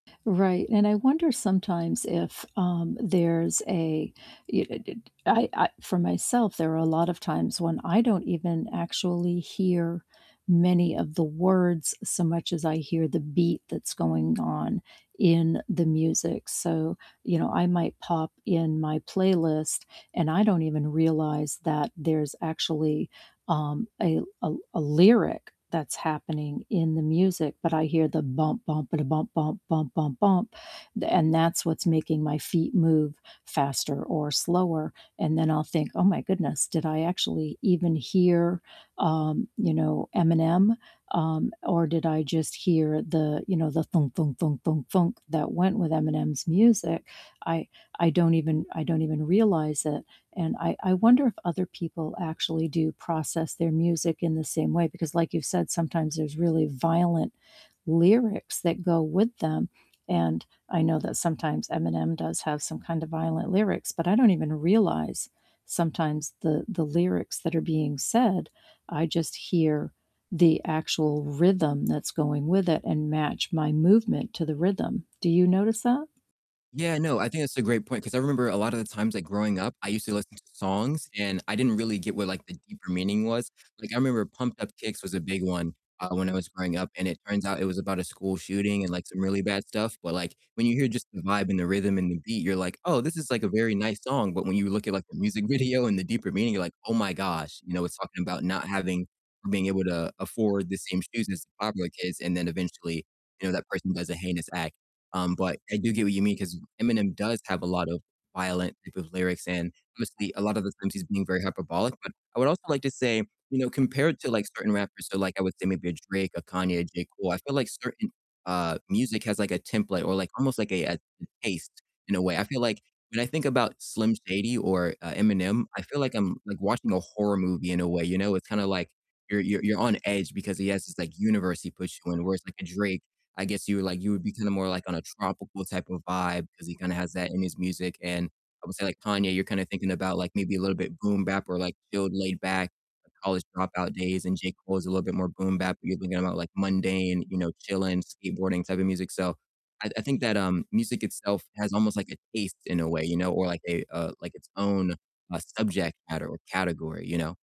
Right, and I wonder sometimes if, um, there's a y d d d I I for myself, there are a lot of times when I don't even actually hear many of the words, so much as I hear the beat that's going on in the music. So, you know, I might pop in my playlist, and I don't even realize that there's actually, um, a l a a lyric that's happening in the music, but I hear the bump, bump, ba-da, bump, bump, bump, bump, bump, and a that's what's making my feet move faster or slower. And then I'll think, "Oh my goodness, did I actually even hear, um, you know, Eminem? Um, or did I just hear the, you know, the thunk, thunk, thunk, thunk, thunk that went with Eminem's music?" I I don't even I don't even realize it, and I I wonder if other people actually do process their music in the same way, because like you've said, sometimes there's really violent lyrics that go with them, and I know that sometimes Eminem does have some kinda violent lyrics, but I don't even realize, sometimes, the the lyrics that are being said, I just hear the actual rhythm that's going with it and match my movement to the rhythm, do you notice that? Yeah, no, I think that's a great point 'cause I remember a lotta the times, like growing up, I used to listen to songs and I didn't really get what like the deeper meaning was, like, I remember Pumped Up Kicks was a big one, uh, when I was growing up, and it turns out it was about a school shooting and like some really bad stuff, but like when you hear just the vibe and the rhythm and the beat, you're like, "Oh, this is like a very nice song." But when you look at like the music video and the deeper meaning, you're like, "Oh my gosh," you know, it's talking about not having being able to afford the same shoes as the popular kids and then eventually, you know, that person does a heinous act. Um, but I do get what you mean 'cause Eminem does have a lot of violent type of lyrics, and obviously a lot of the times he's being very hyperbolic, but I would also like to say, you know, compared to like certain rappers, so like I would say maybe a Drake, a Kanye, a J. Cole, I feel like certain, uh, music has like a template or like almost like a a a taste in a way. I feel like when I think about Slim Shady or, uh, Eminem, I feel like I'm like watching a horror movie in a way, you know? It's kinda like you're you're you're on edge because he has this, like, universe he puts you in. Whereas like a Drake, I guess you would like, you would be kinda more like on a tropical type of vibe 'cause he kinda has that in his music, and, I would say like Kanye, you're kinda thinking about like maybe a little bit boom bap or like chilled, laid back, college dropout days. And J. Cole is a little bit more boom bap, but you're thinking about like mundane, you know, chilling, skateboarding type of music, so I I think that, um, music itself has almost like a taste in a way, you know, or like a, uh, like its own, uh, subject matter or category, you know?